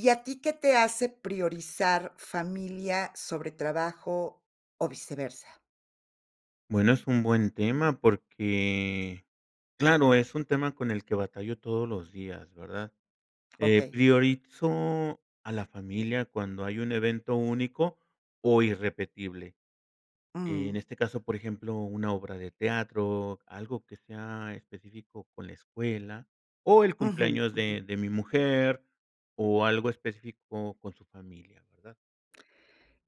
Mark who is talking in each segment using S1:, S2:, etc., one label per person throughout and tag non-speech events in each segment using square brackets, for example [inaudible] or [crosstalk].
S1: ¿Y a ti qué te hace priorizar familia sobre trabajo, o viceversa?
S2: Bueno, es un buen tema porque, claro, es un tema con el que batallo todos los días, ¿verdad?, eh,
S1: Okey.
S2: priorizo a la familia cuando hay un evento único o irrepetible. En
S1: Mm.
S2: este caso, por ejemplo, una obra de teatro, algo que sea específico con la escuela, o el
S1: Ujú,
S2: cumpleaños
S1: ujú.
S2: de de mi mujer, o algo específico con su familia, ¿verdad?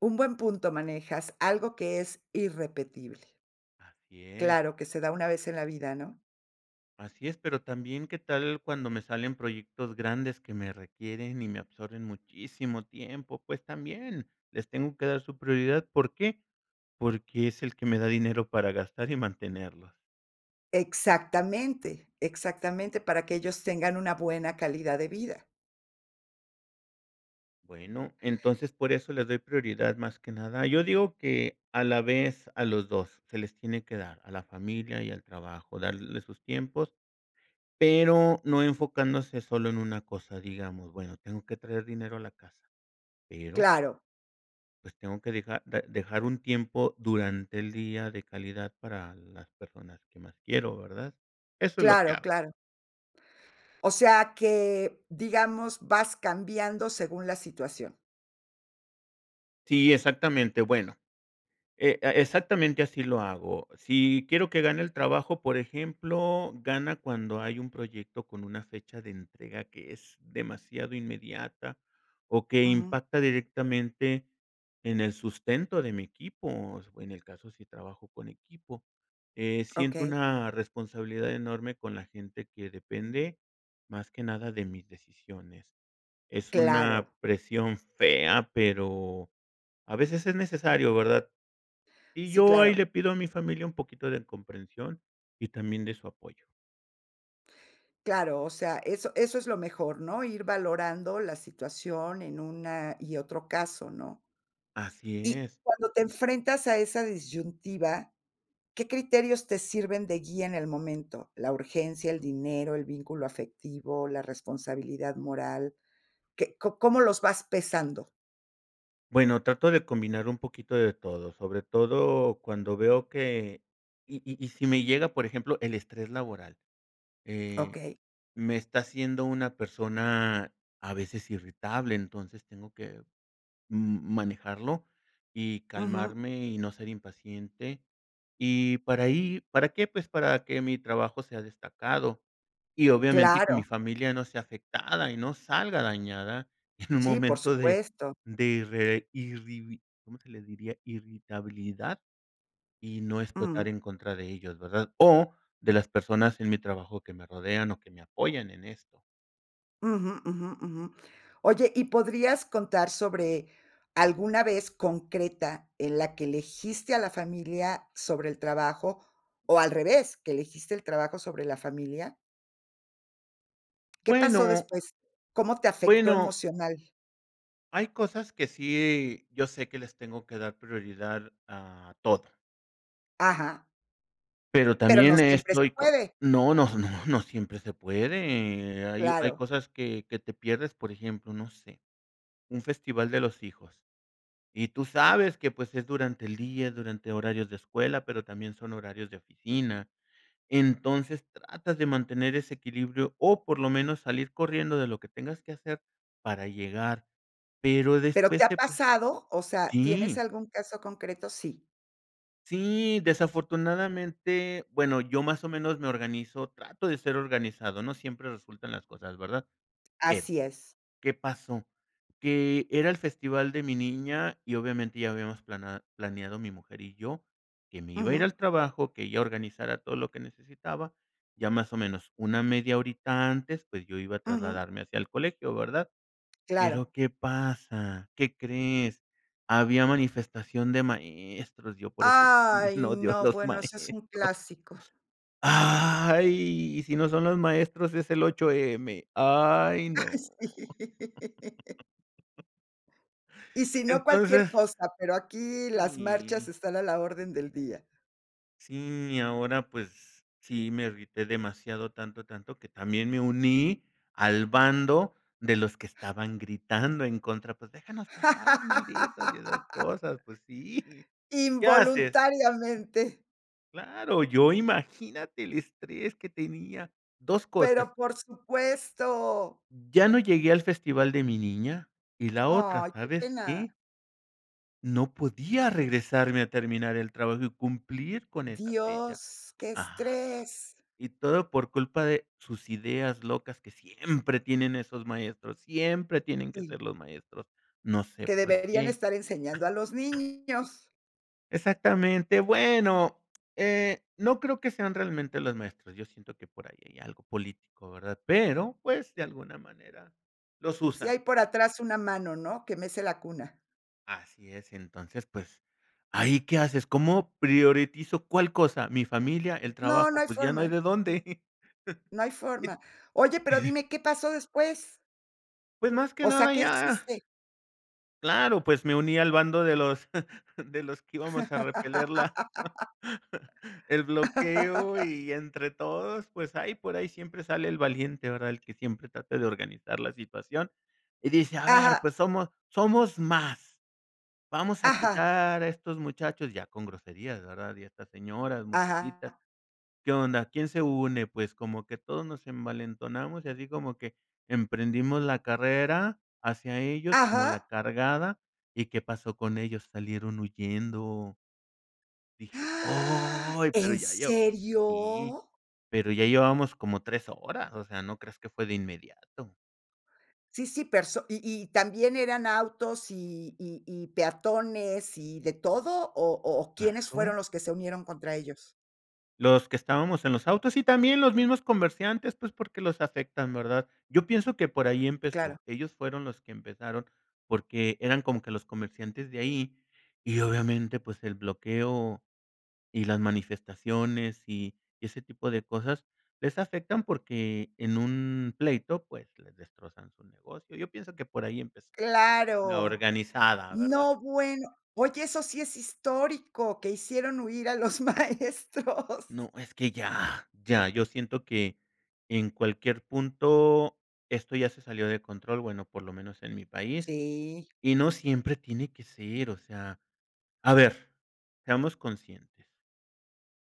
S1: Un buen punto manejas, algo que es irrepetible.
S2: Así es.
S1: Claro, que se da una vez en la vida, ¿no?
S2: Así es, pero también. ¿qué tal cuando me salen proyectos grandes que me requieren y me absorben muchísimo tiempo?, pues también, les tengo que dar su prioridad, ¿por qué?, porque es el que me da dinero para gastar y mantenerlos.
S1: Exactamente, exactamente, para que ellos tengan una buena calidad de vida.
S2: Bueno, entonces, por eso le doy prioridad más que nada Yo digo que, a la vez, a los 2 se les tiene que dar, a la familia y al trabajo, darles sus tiempos, pero no enfocándose solo en una cosa. Digamos: "Bueno, tengo que traer dinero a la casa", pero
S1: Claro.
S2: pues tengo que dejar, da dejar un tiempo durante el día de calidad para las personas que más quiero, ¿verdad? Eso es lo que
S1: Claro,
S2: hago.
S1: claro. O sea que, digamos, vas cambiando según la situación.
S2: Sí, exactamente. Bueno, e e exactamente así lo hago si quiero que gane el trabajo. Por ejemplo, gana cuando hay un proyecto con una fecha de entrega que es demasiado inmediata, o que
S1: Ujú.
S2: impacta directamente en el sustento de mi equipo. O sea, o en el caso, si trabajo con equipo, eh, siento
S1: Okey.
S2: una responsabilidad enorme con la gente que depende más que nada de mis decisiones. Es
S1: Claro.
S2: una presión fea, pero a veces es necesario, ¿verdad? Y
S1: Sí,
S2: yo ahí
S1: claro.
S2: le pido a mi familia un poquito de comprensión y también de su apoyo.
S1: Claro, o sea, eso eso es lo mejor, ¿no?, ir valorando la situación en una y otro caso, ¿no?
S2: Así
S1: Y
S2: es.
S1: cuando te enfrentas a esa disyuntiva, ¿qué criterios te sirven de guía en el momento? ¿La urgencia, el dinero, el vínculo afectivo, la responsabilidad moral? ¿Qué co cómo los vas pesando?
S2: Bueno, trato de combinar un poquito de todo, sobre todo cuando veo que y y y si me llega por ejemplo el estrés laboral, eh,
S1: Okey.
S2: me está haciendo una persona a veces irritable, entonces, tengo que, mm, manejarlo, y
S1: Ujú.
S2: calmarme y no ser impaciente, y para ahí ¿para qué?, pues, para que mi trabajo sea destacado, y obviamente que mi
S1: Claro.
S2: familia no sea afectada y no salga dañada en un
S1: Sí, por
S2: momento de
S1: supuesto.
S2: de irre irribi ¿cómo se le diría?, irritabilidad, y no explotar
S1: Jum.
S2: en contra de ellos, ¿verdad?, o de las personas en mi trabajo que me rodean, o que me apoyan en esto.
S1: Ujú, ujú, ujú. Oye, ¿y podrías contar sobre alguna vez concreta en la que elegiste a la familia sobre el trabajo, o al revés, que elegiste el trabajo sobre la familia? ¿Qué pasó
S2: Bueno.
S1: después? ¿Cómo te afectó
S2: Bueno.
S1: emocional?
S2: Hay cosas que sí, yo sé que les tengo que dar prioridad a toda.
S1: Ajá.
S2: Pero
S1: Pero no
S2: también eh,
S1: siempre se
S2: estoy co
S1: puede.
S2: no, no, no, no siempre se puede. Hay hay
S1: Claro.
S2: cosas que que te pierdes, por ejemplo, no sé. Un festival de los hijos. Y tú sabes que, pues, es durante el día, durante horarios de escuela, pero también son horarios de oficina. Entonces, tratas de mantener ese equilibrio o, por lo menos, salir corriendo de lo que tengas que hacer para llegar, pero
S1: Pero, ¿te
S2: después
S1: ha
S2: te pres
S1: pasado?, o sea, ¿tienes
S2: Sí.
S1: algún caso concreto? Sí.
S2: Sí, desafortunadamente. Bueno, yo más o menos me organizo, trato de ser organizado. No siempre resultan las cosas, ¿verdad? Pero,
S1: Así es.
S2: ¿qué pasó? Que era el festival de mi niña y, obviamente, ya habíamos plana planeado mi mujer y yo que me iba a ir al
S1: Ujú.
S2: trabajo, que ella organizara todo lo que necesitaba. Ya más o menos una media horita antes, pues, yo iba a
S1: Ujú.
S2: trasladarme hacia el colegio, ¿verdad?
S1: Claro.
S2: Pero, ¿qué pasa? ¿Qué crees? Había manifestación de maestros. Yo por eso también
S1: Ay
S2: odio a
S1: no,
S2: los
S1: bueno, ese es un
S2: maestros.
S1: clásico.
S2: Ay, si no son los maestros es el 8M Ay,
S1: Ay,
S2: no.
S1: sí.
S2: [laughs]
S1: Y si no, cualquier
S2: Entonces
S1: cosa, pero aquí las marchas
S2: Sí.
S1: están a la orden del día.
S2: Sí, y ahora, pues, sí me irrité demasiado, tanto, tanto, que también me uní al bando de los que estaban gritando en contra: "Pues déjanos pasar, malditos", y esas
S1: [laughs]
S2: cosas. Pues sí. ¿Qué haces?
S1: Involuntariamente.
S2: Claro, yo imagínate el estrés que tenía, 2 cosas
S1: ¡Pero por supuesto!
S2: ya no llegué al festival de mi niña, y la otra,
S1: Ay, qué
S2: ¿sabes qué?
S1: pena.
S2: No podía regresarme a terminar el trabajo y cumplir con esa fecha.
S1: ¡Dios, qué
S2: Ajá.
S1: estrés!
S2: Y todo por culpa de sus ideas locas que siempre tienen esos maestros, siempre tienen que
S1: Sí.
S2: ser los maestros. No sé
S1: Que
S2: por
S1: deberían
S2: qué.
S1: estar enseñando a los niños.
S2: Exactamente. Bueno, eh, no creo que sean realmente los maestros. Yo siento que por ahí hay algo político, ¿verdad?, pero, pues, de alguna manera los
S1: Si
S2: usan.
S1: hay por atrás una mano, ¿no?, que mece la cuna.
S2: Así es, entonces, pues, ¿ahí qué haces? ¿Cómo priorizo cuál cosa?, mi familia, el
S1: No, no
S2: trabajo,
S1: hay
S2: pues, ya no hay
S1: forma.
S2: de dónde.
S1: No hay forma. Oye, pero
S2: [chuckles]
S1: dime, ¿qué pasó después?
S2: Pues, más que
S1: O sea,
S2: nada
S1: ¿qué
S2: ya
S1: hiciste?
S2: Claro, pues me uní al bando de los [chuckles] de los que íbamos a repeler la
S1: [laughs]
S2: [chuckles] el bloqueo,
S1: [laughs]
S2: y entre todos, pues, ahí por ahí siempre sale el valiente ¿verdad?, el que siempre trata de organizar la situación y dice:"A ver,
S1: Ajá.
S2: pues, somos somos más, vamos a
S1: Ajá.
S2: quitar a estos muchachos", ya con groserías, ¿verdad?, y a estas señoras,
S1: Ajá.
S2: muchachitas, ¿qué onda? ¿Quién se une?, pues, como que todos nos envalentonamos, y así como que emprendimos la carrera hacia ellos como la
S1: Ajá.
S2: cargada y, ¿qué pasó con ellos?, salieron huyendo. Dije:
S1: [gasps]
S2: "¡Oy!", pero
S1: ¿En
S2: ya yo sí,
S1: serio?
S2: pero ya llevábamos como 3 horas, o sea, no creas que fue de inmediato.
S1: Sí, sí, perso ¿y y también eran autos y y y peatones, y de todo, o o quiénes fueron
S2: ¡Claro!
S1: los que se unieron contra ellos?
S2: Los que estábamos en los autos, y también los mismos comerciantes, pues, porque los afectan, ¿verdad?, yo pienso que por ahí
S1: Claro.
S2: empezó. Ellos fueron los que empezaron porque eran como que los comerciantes de ahí, y obviamente pues, el bloqueo y las manifestaciones, y ese tipo de cosas les afectan porque en un pleito pues, les destrozan su negocio. Yo pienso que por ahí empezó, la
S1: ¡Claro!,
S2: organizada, ¿verdad?
S1: no, bueno, oye, eso sí es histórico, que hicieron huir a los maestros.
S2: No, es que, ¡ya!, ya, yo siento que en cualquier punto esto ya se salió de control, bueno por lo menos en mi país,
S1: Sí.
S2: y no siempre tiene que ser, o sea, a ver, seamos conscientes.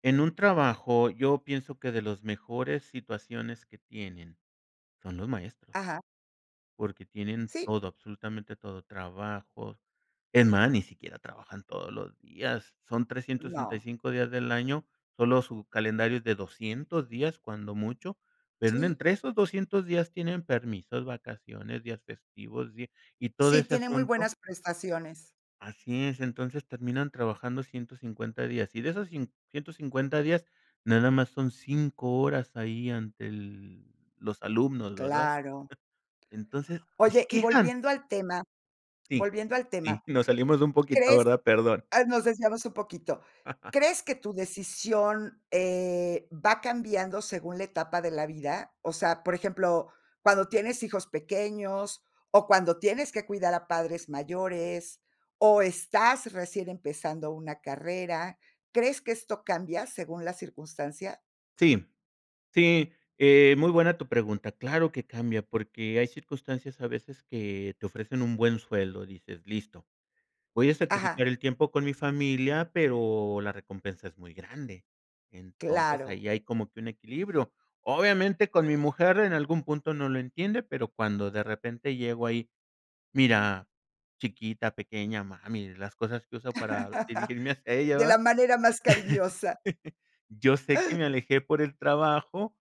S2: En un trabajo yo pienso que de los mejores situaciones que tienen, son los maestros.
S1: Ajá.
S2: Porque tienen
S1: Sí.
S2: todo, absolutamente todo, trabajos, es más, ni siquiera trabajan todos los días, son trescientos sesenta y
S1: No.
S2: cinco días del año, solo su calendario es de 200 días cuando mucho, pero en
S1: Sí.
S2: entre esos 200 días tienen permisos, vacaciones, días festivos, y y todo
S1: Sí,
S2: ese
S1: tiene muy
S2: asunto.
S1: buenas prestaciones.
S2: Así es, entonces terminan trabajando 150 días, y de esos cin ciento cincuenta días, nada más son 5 horas ahí ante el los alumnos, ¿verdad?,
S1: Claro.
S2: [chuckles] entonces ¡y se
S1: Oye, y
S2: quejan!
S1: volviendo al tema
S2: Sí,
S1: volviendo al tema,
S2: sí, nos salimos un poquito,
S1: ¿crees?,
S2: ¿verdad?, perdón.
S1: ah, nos desviamos un poquito,
S2: [laughs]
S1: ¿crees que tu decisión, eh, va cambiando según la etapa de la vida?, o sea, por ejemplo, cuando tienes hijos pequeños, o cuando tienes que cuidar a padres mayores, o estás recién empezando una carrera, ¿crees que esto cambia según la circunstancia?
S2: Sí, sí, eh, muy buena tu pregunta, claro que cambia porque hay circunstancias a veces que te ofrecen un buen sueldo, dices: "Listo, voy a
S1: Ajá.
S2: sacrificar el tiempo con mi familia, pero la recompensa es muy grande", entonces
S1: Claro.
S2: ahí hay como que un equilibrio, obviamente con mi mujer en algún punto no lo entiende, pero cuando de repente llego ahí, "Mira, chiquita, pequeña, mami", las cosas que uso para dirigirme hacia
S1: [laughs]
S2: ella,
S1: De
S2: ¿verdad?,
S1: la manera más cariñosa.
S2: [chuckles] "yo sé que me alejé por el trabajo,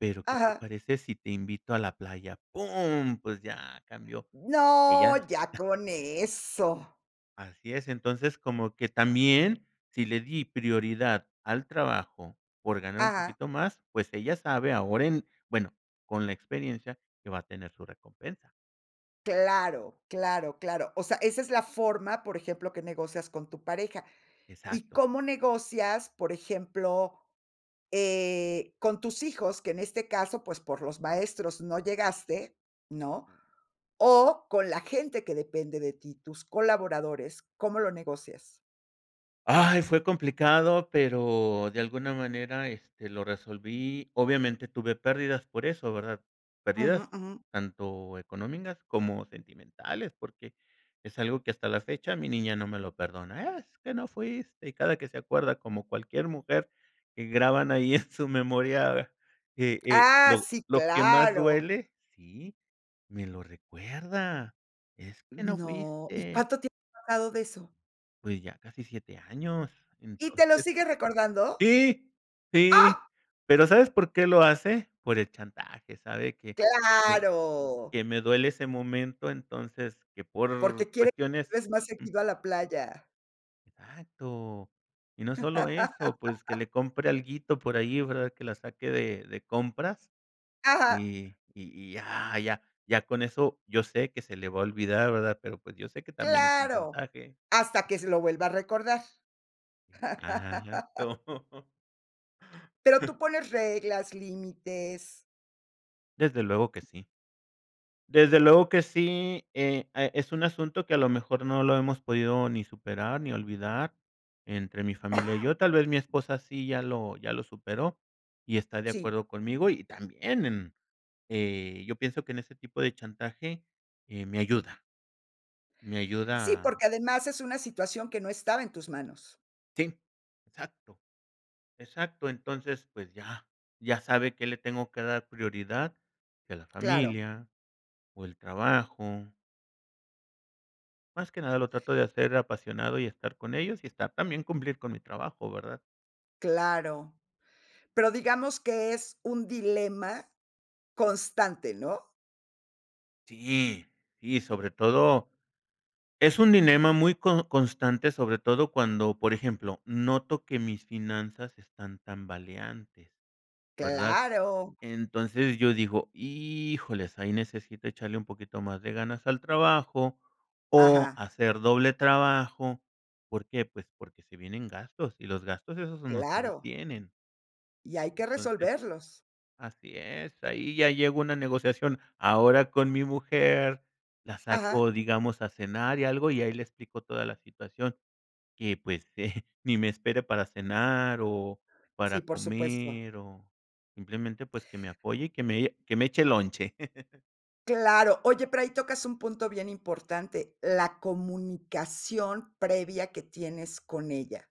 S2: pero ¿qué te
S1: Ajá.
S2: parece si te invito a la playa?", ¡pum!, pues ya cambió,
S1: No,
S2: ella
S1: ya
S2: [chuckles]
S1: con eso.
S2: Así es, entonces, como que también, si le di prioridad al trabajo, por ganar un
S1: Ajá.
S2: poquito más, pues ella sabe ahora en bueno, con la experiencia, que va a tener su recompensa.
S1: Claro, claro, claro. O sea, esa es la forma, por ejemplo, que negocias con tu pareja, ¿y
S2: Exacto.
S1: cómo negocias, por ejemplo, eh, con tus hijos?, que en este caso, pues, por los maestros no llegaste, ¿no?, o con la gente que depende de ti, tus colaboradores, ¿cómo lo negocias?
S2: Ay fue complicado, pero de alguna manera, este, lo resolví, obviamente tuve pérdidas por eso, ¿verdad?,
S1: Ujú,
S2: pérdidas
S1: ujú.
S2: tanto económicas, como sentimentales porque es algo que hasta la fecha mi niña no me lo perdona: "Es que no fuiste", y cada que se acuerda, como cualquier mujer, que graban ahí en su memoria e e
S1: ¡Ah,
S2: lo
S1: sí,
S2: lo que más
S1: claro!
S2: duele sí, me lo recuerda: "Es que no
S1: No, ¿y
S2: fuiste".
S1: cuánto tiempo ha pasado de eso?
S2: Pues ya casi 7 años,
S1: ¿Y te lo
S2: entonces
S1: sigue recordando?
S2: sí, sí,
S1: ¡Ah!
S2: pero, ¿sabes por qué lo hace?, por el chantaje, sabe que que
S1: Claro.
S2: que me duele ese momento, entonces, que por
S1: Porque quiere
S2: cuestiones
S1: [unintelligible] más
S2: mm.
S1: seguido a la playa.
S2: Exacto. Y no sólo eso, pues que
S1: [laughs]
S2: le compre alguito por ahí, ¿verdad?, que la saque de de compras,
S1: Ajá.
S2: y y ya ya ya con eso yo sé que se le va a olvidar, ¿verdad?, pero pues, yo sé que también es un
S1: ¡Claro!,
S2: chantaje.
S1: hasta que se lo vuelva a recordar. [laughs]
S2: Exacto. [chuckles]
S1: Pero, ¿tú
S2: [chuckles]
S1: pones reglas, límites?
S2: Desde luego que sí. Desde luego que sí, eh, ah, es un asunto que, a lo mejor, no lo hemos podido ni superar, ni olvidar, entre mi familia y yo,
S1: [coughs]
S2: tal vez mi esposa sí ya lo ya lo superó, y está de
S1: Sí.
S2: acuerdo conmigo, y también en, eh, yo pienso que en ese tipo de chantaje, eh, me ayuda. Me ayuda
S1: Sí,
S2: a
S1: porque además es una situación que no estaba en tus manos.
S2: Sí, exacto, exacto, entonces pues ya ya sabe que le tengo que dar prioridad, si a la
S1: Claro.
S2: familia o el trabajo. Más que nada lo trato de hacer apasionado y estar con ellos, y estar también cumplir con mi trabajo ¿verdad?
S1: Claro, pero digamos que es un dilema constante, ¿no?
S2: Sí, sí, sobre todo, es un dilema muy co constante sobre todo cuando, por ejemplo, noto que mis finanzas están tambaleantes, ¿verdad?,
S1: Claro.
S2: entonces yo digo híjoles ahí necesito echarle un poquito más de ganas al trabajo, o
S1: Ajá.
S2: hacer doble trabajo, ¿por qué?, pues porque se vienen gastos, y los gastos esos no se
S1: Claro.
S2: detienen.
S1: Y hay que
S2: Entonces
S1: resolverlos.
S2: así es, ahí ya llego a una negociación ahora con mi mujer, la
S1: Ajá.
S2: saco digamos a cenar y algo, y ahí le explico toda la situación que, pues, eh, ni me espere para cenar, o para
S1: Sí, por supuesto.
S2: comer, o simplemente, pues, que me apoye y que me, eh, que me eche lonche. [laughs]
S1: Claro, oye, pero ahí tocas un punto bien importante, la comunicación previa que tienes con ella.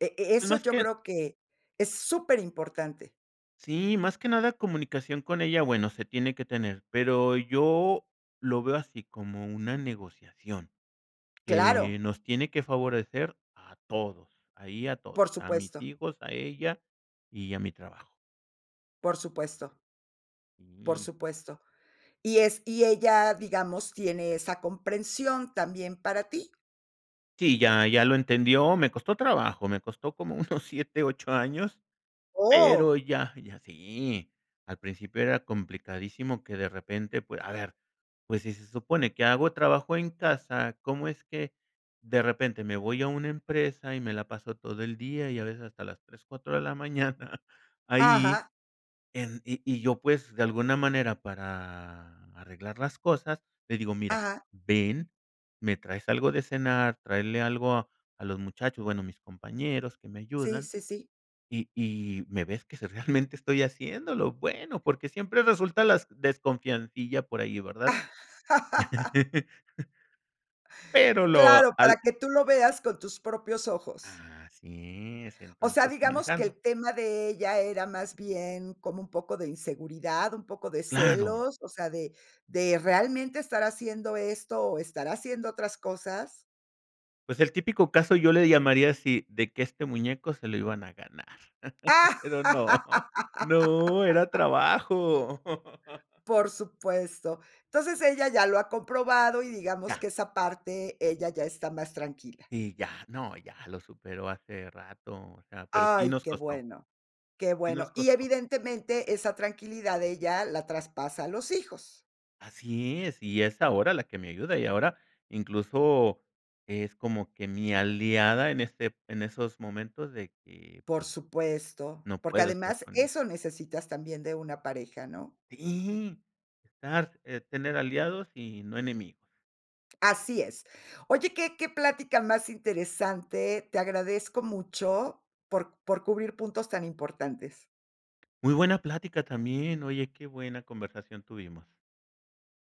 S1: E e eso
S2: Bueno, es
S1: yo
S2: que
S1: creo que es superimportante.
S2: Sí, más que nada comunicación con ella, bueno se tiene que tener, pero yo lo veo así como una negociación, que
S1: Claro.
S2: nos tiene que favorecer a todos, ahí a todos,
S1: Por
S2: a mis
S1: supuesto.
S2: hijos, a ella y a mi trabajo.
S1: Por supuesto. Por
S2: Mm.
S1: supuesto, y es ¿y ella, digamos, tiene esa comprensión también para ti?
S2: Sí, ya, ya lo entendió, me costó trabajo, me costó como unos 7, 8 años, pero
S1: Oh.
S2: ya, ya, sí. Al principio era complicadísimo que, de repente, pue a ver, pues si se supone que hago trabajo en casa, ¿cómo es que de repente me voy a una empresa y me la paso todo el día, y a veces hasta las 3, 4 de la mañana ahí
S1: Ajá.
S2: en? Y y yo, pues, de alguna manera para arreglar las cosas, le digo: "Mira,
S1: Ajá.
S2: ven, me traes algo de cenar, tráele algo a a los muchachos, bueno, a mis compañeros que me
S1: Sí,
S2: ayudan,
S1: sí, sí.
S2: y y me ves que sí realmente estoy haciéndolo", bueno, porque siempre resulta las desconfiancilla por ahí, ¿verdad?
S1: [laughs]
S2: [laughs] Pero lo
S1: Claro,
S2: al
S1: para que tú lo veas con tus propios ojos.
S2: Así es,
S1: ¿O sea,
S2: entonces
S1: digamos que
S2: manejando.
S1: el tema de ella era más bien como un poco de inseguridad, un poco de
S2: Claro.
S1: celos, o sea, de de realmente estar haciendo esto, o estar haciendo otras cosas?
S2: Pues el típico caso, yo le llamaría así, de que este muñeco se lo iban a ganar, [laughs] pero no, no, era
S1: [laughs]
S2: trabajo.
S1: Por supuesto. Entonces ella ya lo ha comprobado y digamos
S2: Ya.
S1: que esa parte ella ya está más tranquila.
S2: Sí, ya no, ya lo superó hace rato o sea, pero sí
S1: Ay,
S2: nos
S1: qué
S2: costó.
S1: bueno, qué
S2: Sí nos
S1: bueno. Y
S2: costó.
S1: evidentemente esa tranquilidad ella la traspasa a los hijos.
S2: Así es, y es ahora la que me ayuda, y ahora incluso es como que mi aliada en este en esos momentos de que,
S1: Por
S2: pues,
S1: supuesto,
S2: no
S1: porque
S2: puedo estar
S1: además
S2: con [unintelligible]
S1: eso necesitas también de una pareja, ¿no?
S2: Sí, estar eh, tener aliados y no enemigos.
S1: Así es. Oye, qué qué plática más interesante. Te agradezco mucho por por cubrir puntos tan importantes.
S2: Muy buena plática también, oye, qué buena conversación tuvimos.